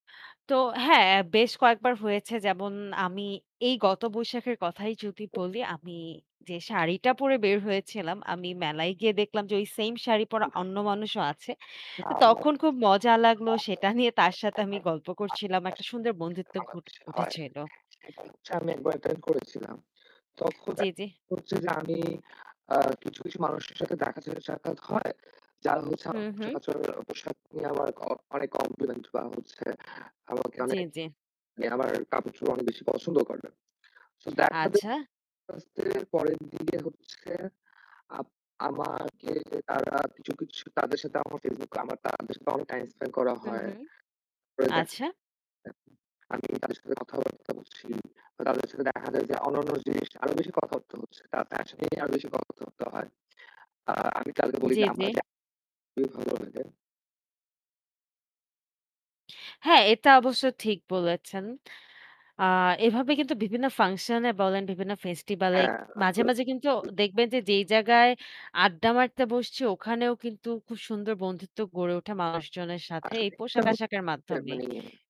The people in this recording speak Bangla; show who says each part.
Speaker 1: তো হ্যাঁ বেশ কয়েকবার হয়েছে যেমন আমি এই গত বৈশাখের কথাই যদি বলি আমি যে শাড়িটা পরে বের হয়েছিলাম আমি মেলায় গিয়ে দেখলাম যে ওই সেইম শাড়ি পরা অন্য মানুষও আছে। তো তখন খুব মজা লাগল সেটা নিয়ে তার সাথে আমি গল্প করছিলাম। একটা সুন্দর
Speaker 2: [unintelligible]
Speaker 1: বন্ধুত্ব ঘট
Speaker 2: বাংলাদেশে হয়।
Speaker 1: উঠেছিল।
Speaker 2: সেটা হচ্ছে আমি একবার অ্যাটেন্ড করেছিলাম। তখন
Speaker 1: জি, জি।
Speaker 2: একবার হচ্ছে যে আমি আ কিছু, কিছু মানুষের সাথে দেখা যায় সাক্ষাৎ হয়। যা হচ্ছে
Speaker 1: হু,
Speaker 2: আমার
Speaker 1: হু।
Speaker 2: পোশাকাচরের পোশাক নিয়ে আমার ক অনেক কমপ্লিমেন্ট বা হচ্ছে আমাকে
Speaker 1: জ্বী,
Speaker 2: অনেক
Speaker 1: জ্বী।
Speaker 2: মানে আমার কাপড়-চোপড় অনেক বেশি পছন্দ করে। সো দেখা যায়
Speaker 1: আচ্ছা।
Speaker 2: [unintelligible] পরের দিকে হচ্ছে আম আমাকে তারা কিছু, কিছু তাদের সাথে আমার Facebook, আমার তাদের সাথে অনেক টাইম স্পেন্ড করা
Speaker 1: হু,
Speaker 2: হয়।
Speaker 1: হু।
Speaker 2: [unintelligible]
Speaker 1: আচ্ছা।
Speaker 2: আমি তাদের সাথে কথাবার্তা বলছি। তাদের সাথে দেখা যায় যে অন্যান্য জিনিস আরো বেশি কথাবার্তা হচ্ছে। তাদের সাথে আরো বেশি কথাবার্তা হয়। আ আমি তাদেরকে বলি
Speaker 1: জি,
Speaker 2: যে
Speaker 1: জি।
Speaker 2: আমরা যে ভালো হয়ে যায়।
Speaker 1: হ্যাঁ, এটা অবশ্য ঠিক বলেছেন। আ এভাবে কিন্তু বিভিন্ন ফাংশন এ বলেন, বিভিন্ন ফেস্টিভাল এ
Speaker 2: হ্যাঁ।
Speaker 1: মাঝে,
Speaker 2: আপনার
Speaker 1: মাঝে কিন্তু
Speaker 2: হুম।
Speaker 1: দেখবেন যে যেই জায়গায় আড্ডা মারতে বসছি ওখানেও কিন্তু খুব সুন্দর বন্ধুত্ব গড়ে ওঠে মানুষজনের সাথে এই
Speaker 2: আসলে [unintelligible]
Speaker 1: পোশাক-আশাখের মাধ্যমে।
Speaker 2: মানে